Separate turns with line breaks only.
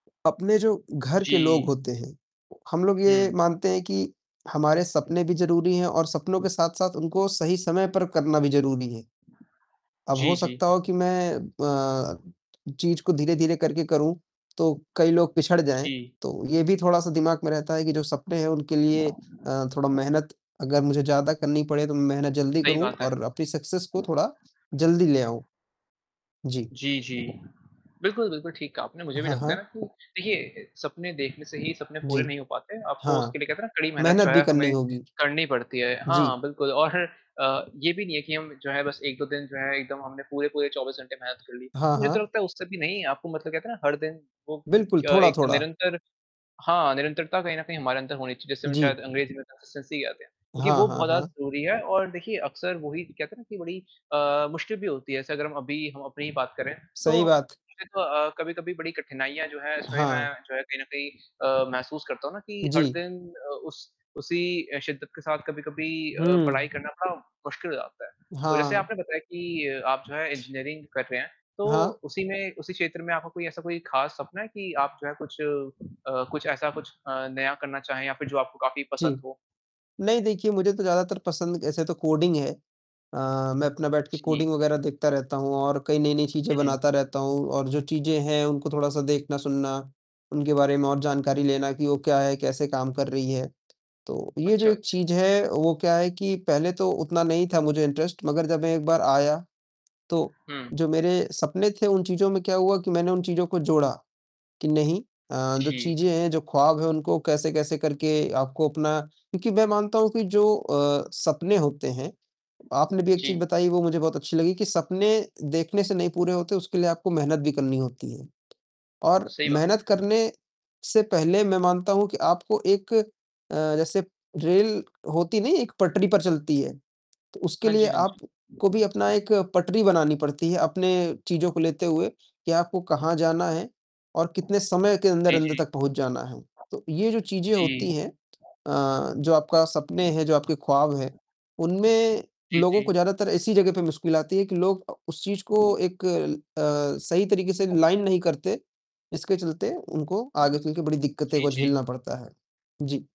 अपने जो घर के लोग
जी।
होते हैं, हम लोग ये
हुँ।
मानते हैं कि हमारे सपने भी ज़रूरी हैं और सपनों के साथ-साथ उनको सही समय पर करना भी ज़रूरी है। अब
जी,
हो सकता
जी।
हो कि मैं अ, चीज़ को धीरे-धीरे करके करूँ, तो कई लोग पिछड़ जाएँ,
जी।
तो ये भी थोड़ा-सा दिमाग में रहता है कि जो सपने हैं उनके लिए अ, थोड़ा मेहनत अगर मुझे ज़्यादा करनी पड़े, तो मैं मेहनत जल्दी
सही
करूँ
बात है।
और अपनी सक्सेस को थोड़ा जल्दी ले आऊँ। जी।
जी, जी। बिल्कुल, बिल्कुल, ठीक कहा आपने, मुझे भी
हाँ,
लगता है
हाँ।
ना कि देखिए, सपने देखने से ही सपने पूरे
जी,
नहीं हो पाते, आपको उसके
हाँ।
लिए क्या कहते हैं ना, कड़ी मेहनत जो
मेहनत भी
है
करनी
हमें
होगी।
करनी पड़ती है
जी।
हाँ, बिल्कुल और अ, ये भी नहीं है कि हम जो है बस 1-2 दिन जो है एकदम हमने पूरे-पूरे 24 घंटे मेहनत कर ली।
हाँ,
मुझे तो
हाँ।
लगता है उससे भी नहीं आपको मतलब कहते हैं ना हर दिन, वो
बिल्कुल,
क
थोड़ा,
एक
थोड़ा।
निरंतर हाँ, निरंतरता कहीं न कहीं हमारे अंदर होनी चाहिए, जिसे हम शायद
जी।
अंग्रेजी में कंसिस्टेंसी कहते हैं, क्योंकि
हाँ,
वो
हाँ,
बहुत ज़्यादा
हाँ।
ज़रूरी है और देखिए अक्सर वही कहते हैं ना कि बड़ी अ, मुश्किल भी होती है, जैसे अगर हम अभी हम अपनी ही बात करें,
सही
तो
बात।
सिर्फ अ, कभी-कभी बड़ी कठिनाइयाँ जो है इसमें मैं
हाँ।
भी जो है कहीं न कहीं अ, महसूस करता हूँ ना कि हर
जी।
दिन अ, उस उसी अ, शिद्दत के साथ कभी-कभी अ, पढ़ाई
हुँ।
करना थोड़ा मुश्किल हो जाता है। तो जैसे
हाँ।
आपने बताया कि आप जो है इंजीनियरिंग कर रहे हैं, तो
हाँ।
उसी में उसी क्षेत्र में आपको कोई ऐसा कोई ख़ास सपना है कि आप जो है कुछ अ, कुछ ऐसा कुछ अ, नया करना चाहें या फिर जो आपको काफ़ी पसंद
जी।
हो?
नहीं देखिए, मुझे तो ज़्यादातर पसंद ऐसे तो कोडिंग है। अ, मैं अपना बैठ के
जी।
कोडिंग वगैरह देखता रहता हूँ और कई नई-नई चीज़ें
हुँ।
बनाता रहता हूँ और जो चीज़ें हैं उनको थोड़ा-सा देखना, सुनना, उनके बारे में और जानकारी लेना कि वो क्या है, कैसे काम कर रही है। तो ये जो
अच्छा,
एक
अच्छा।
चीज़ है वो क्या है कि पहले तो उतना नहीं था मुझे इंटरेस्ट मगर जब मैं एक बार आया, तो
हुँ।
जो मेरे सपने थे उन चीज़ों में क्या हुआ कि मैंने उन चीज़ों को जोड़ा, कि नहीं अ, जो
जी।
चीज़ें हैं, जो ख्वाब हैं उनको कैसे-कैसे करके आपको अपना क्योंकि मैं मानता हूँ कि जो अ, सपने होते हैं आपने भी एक चीज़
जी।
बताई वो मुझे बहुत अच्छी लगी कि सपने देखने से नहीं पूरे होते, उसके लिए आपको मेहनत भी करनी होती है, और
सही बात।
मेहनत करने से पहले मैं मानता हूँ कि आपको एक अ, जैसे रेल होती नहीं, एक पटरी पर चलती है तो उसके
हाँ
लिए
जी, हाँ जी।
आपको भी अपना एक पटरी बनानी पड़ती है अपने चीज़ों को लेते हुए, कि आपको कहाँ जाना है और कितने समय के
जी,
अंदर-अंदर
जी।
तक पहुँच जाना है। तो ये जो चीज़ें
जी।
होती हैं अ, जो आपका सपने हैं, जो आपके ख्वाब हैं, उनमें
जी,
लोगों
जी।
को ज़्यादातर ऐसी जगह पे मुश्किल आती है कि लोग अ, उस चीज़ को एक ल अ, सही तरीके से लाइन नहीं करते, इसके चलते उनको आगे चलके बड़ी दिक्कतें
जी,
को
जी।
झेलना पड़ता है। जी।